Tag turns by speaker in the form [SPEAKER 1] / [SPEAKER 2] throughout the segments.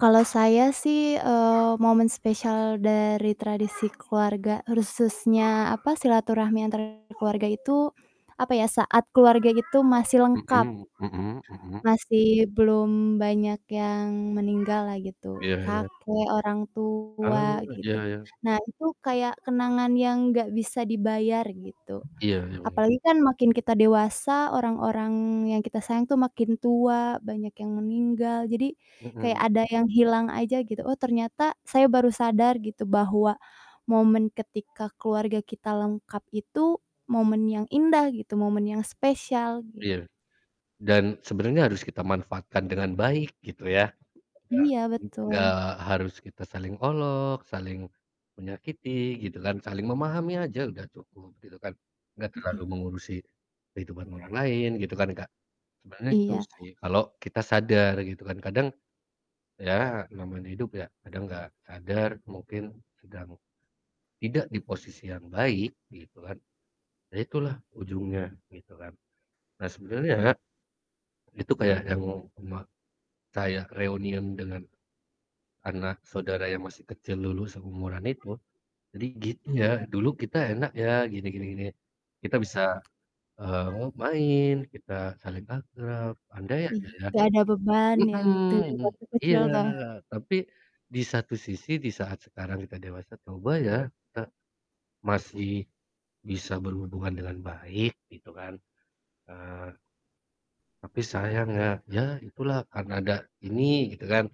[SPEAKER 1] Kalau saya sih, eee, momen spesial dari tradisi keluarga khususnya apa silaturahmi antar keluarga itu apa ya saat keluarga itu masih lengkap.
[SPEAKER 2] Mhm mhm mhm.
[SPEAKER 1] Masih belum banyak yang meninggallah gitu
[SPEAKER 2] Iya iya.
[SPEAKER 1] kakek, orang tua
[SPEAKER 2] Oh,
[SPEAKER 1] gitu.
[SPEAKER 2] iya iya.
[SPEAKER 1] Nah, itu kayak kenangan yang gak bisa dibayar gitu.
[SPEAKER 2] Iya ya ya.
[SPEAKER 1] Apalagi kan makin kita dewasa orang-orang yang kita sayang tuh makin tua, banyak yang meninggal, jadi kayak
[SPEAKER 2] Mhm.
[SPEAKER 1] ada yang hilang aja gitu, oh, ternyata saya baru sadar gitu, bahwa momen ketika keluarga kita lengkap itu, momen yang indah, gitu momen yang spesial gi
[SPEAKER 2] Iya, dan sebenarnya harus kita manfaatkan dengan baik gitu ya. Iya,
[SPEAKER 1] Iya,
[SPEAKER 2] mhm, nggak
[SPEAKER 1] betul.
[SPEAKER 2] harus kita saling olok, saling menyakiti gitu kan, saling memahami aja udah cukup gitu kan, nggak
[SPEAKER 1] Iya
[SPEAKER 2] terlalu
[SPEAKER 1] e
[SPEAKER 2] mengurusi kehidupan orang lain gitu kan Kak? Sebenarnya itu
[SPEAKER 1] Iya.
[SPEAKER 2] sih, kalau kita sadar gitu kan kadang ya, namanya hidup ya, kadang nggak sadar mungkin sedang tidak di posisi yang baik gitu kan. Ya itulah ujungnya, gitu kan. Nah sebenarnya, itu kayak yang oma saya reunian dengan, anak saudara yang masih kecil dulu seumuran itu. Jadi gitu ya, dulu kita enak ya gini gini gini. Kita bisa, eee, ngo main kita saling akrab, andai
[SPEAKER 1] Iya,
[SPEAKER 2] aja ya
[SPEAKER 1] gak ada beban ya gitu
[SPEAKER 2] mhm,
[SPEAKER 1] waktu
[SPEAKER 2] iya
[SPEAKER 1] kecil tuh.
[SPEAKER 2] tapi di satu sisi di saat sekarang kita dewasa coba ya, kita masih bisa berhubungan dengan baik gitu kan. Eee tapi sayang ya, ya itulah karena ada ini, gitu kan.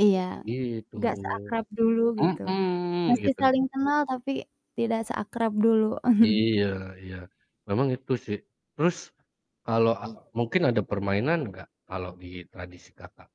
[SPEAKER 1] Iya,
[SPEAKER 2] Iya, gitu.
[SPEAKER 1] gak seakrab dulu gitu.
[SPEAKER 2] Mhm,
[SPEAKER 1] Masih
[SPEAKER 2] gitu.
[SPEAKER 1] saling kenal, tapi tidak seakrab dulu.
[SPEAKER 2] Iya iya. Memang itu sih. Terus kalau ak mungkin ada permainan nggak, kalau di tradisi Kakak?